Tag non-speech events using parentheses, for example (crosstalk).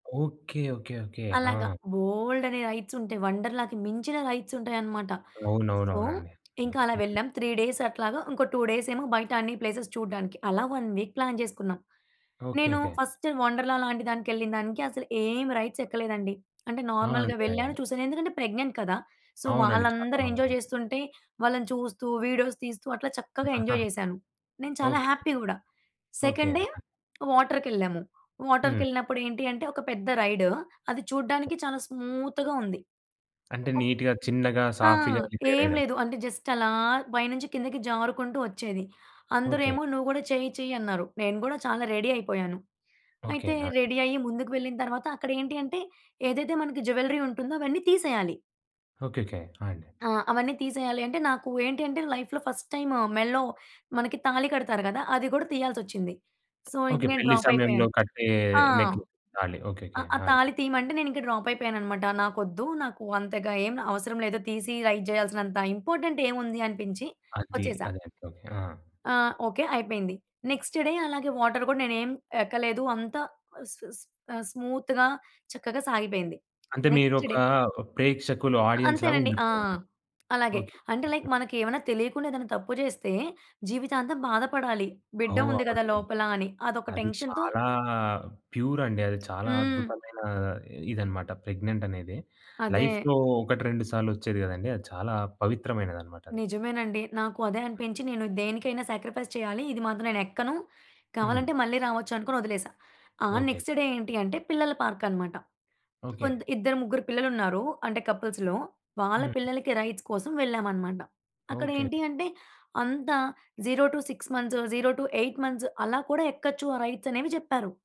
Okay. Okay. Okay. ఆ! అలాగా బోల్డన్ని rides ఉంటాయి. 'వండర్‌లాకి' మించిన రైడ్స్ ఉంటాయన్నమాట. అవునవును. సో, అవునండి. హ్మ్ ఇంకా అలా హ్మ్. వెళ్ళాం 3 డేస్ అట్లాగా ఇంకో 2 డేస్ ఏమో బయట అన్ని ప్లేస‌స్ చూడడానికి అలా 1 వీక్ ప్లాన్ జేసుకున్నాం. నేను ఓకేకే. ఫస్ట్ 'వండర్‌ల' లాంటి దానికేళ్ళిన దానికి అసలు ఏమి రైడ్స్ ఎక్కలేదండి. అంటే ఆ! నార్మల్‌గా అంతే. వెళ్ళాను, చూసాను. ఎందుకంటే ప్రెగ్నెంట్ కదా! సో, అవునండి. వాళ్ళందరూ చాలా ఎంజాయ్ చేస్తుంటే వాళ్ళని చూస్తూ, వీడియోస్ తీస్తూ అట్లా చక్కగా ఆహా! ఎంజాయ్ జేశాను. నేను చాలా ఓకే. హ్యాపీ కూడా. ఓకే. సెకండ్ డే ఆ! వాటర్‌కేళ్ళాము. హ్మ్. వాటర్‌కేళ్ళినప్పుడు ఏంటి అంటే ఒక పెద్ద రైడు, అది ఓకే. చూడడానికి చాలా స్మూత్‌‌గా ఉంది. అంటే ఒక్క నీట్‌గా, చిన్నగా, ఆ! సాఫీగా ఏం రిపేరైడన్. లేదు. అంటే జస్ట్ అలా పైనుంచి కిందకి జారుకుంటూ వచ్చేది. అందరు ఓకే. ఏమో "నువ్వు కూడా చెయ్యి చెయ్యి అన్నారు." నేను గూడా చాలా రెడీ అయిపోయాను. ఓకే. అయితే ఆ! రెడీ అయ్యి ముందుకు వెళ్ళిన తరువాత అక్కడ ఏంటి అంటే ఏదైతే మనకి జ్యువెల్లరీ ఉంటుందో అవన్నీ తీసేయాలి. ఓకేకే. ఆ! అండి. ఆ! అవన్నీ తీసేయాలి. అంటే నాకు ఏంటి అంటే లైఫ్‌లో ఫస్ట్ టైము మెడలో మనకి తాళి కడతారు కదా! అది కూడా తీయాల్సిసోచ్చింది. సో, ఇంక ఓకే. నేను పెళ్లి డ్రాప్ సమయంలో అయిపోయాను. కట్టే ఆ! నెక్లెస్ తాలి ఆ ఓకేకే. ఆ ఆ! అండి. తాళి తీయమంటే నేను ఇంకా డ్రాప్ అయిపోయానన్నమాట. నాకు ఒద్దు. నాకు అంతగా ఏమి అవసరం లేదు తీసి రైడ్ చేయాల్సినంత ఇంపార్టెంట్ ఏముంది అనిపించి అది. వచ్చేసా. ఆదేయండి. ఓకే. ఆ! ఆ! ఓకే అయిపోయింది. నెక్స్ట్ డే అలాగే వాటర్ కూడా నేనేం ఎక్కలేదు. అంత సుస్ సుస్ ఆహ్, స్మూత్‌గా చక్కగా సాగిపోయింది. అంతే నెక్స్ట్ మీరోక డే. ప్రేక్షకులు ఆ! ఆడియన్స్ లాగా అంతేనండి. ఆ! ఉండిపోయారు. అలాగే ఓకే. అంటే లైక్ (chuckles) మనకి ఏమైనా తెలియకుండా ఏదైనా తప్పు జేస్తే జీవితాంతం బాధ పడాలి. బిడ్డ ఉంది ఓహ్! గదా! (unintelligible) లోపలని అదొక అది టెన్షన్‌తో చాలా ప్యూరండి. అది చాలా హ్మ్. అద్భుతమైన ఇదన్నమాట. ప్రెగ్నెంట్ అనేది అదే. లైఫ్‌లో ఒకటి రెండు సార్లు వచ్చేది కదండీ. అది చాలా పవిత్రమైనదన్నమాటది. నిజమేనండి. నాకు అదే అనిపించి నేను దేనికైనా శాక్రిఫైస్ చేయాలి ఇది మాత్రం నేను ఎక్కను. హ్మ్. కావాలంటే మళ్ళీ రావచ్చు అనుకుని వదిలేసా. ఆ ఓకే. నెక్స్ట్ డే ఏంటి అంటే పిల్లల పార్క్‌కన్నామాట. ఓకే. కొంత్ ఇద్దరు ముగ్గురు పిల్లలుంన్నారు అంటే కపుల్స్‌లో, వాళ్ళ హ్మ్. పిల్లలకి రైడ్స్ కోసం వెళ్ళామన్నమాట. అక్కడ ఏంటి ఓకేకే. అంటే అంతా 0 - 6 మంత్స్, 0 - 8 మంత్స్ అలా కూడా ఎక్కచ్చు ఆ రైడ్స్ అనేవి చెప్పారు.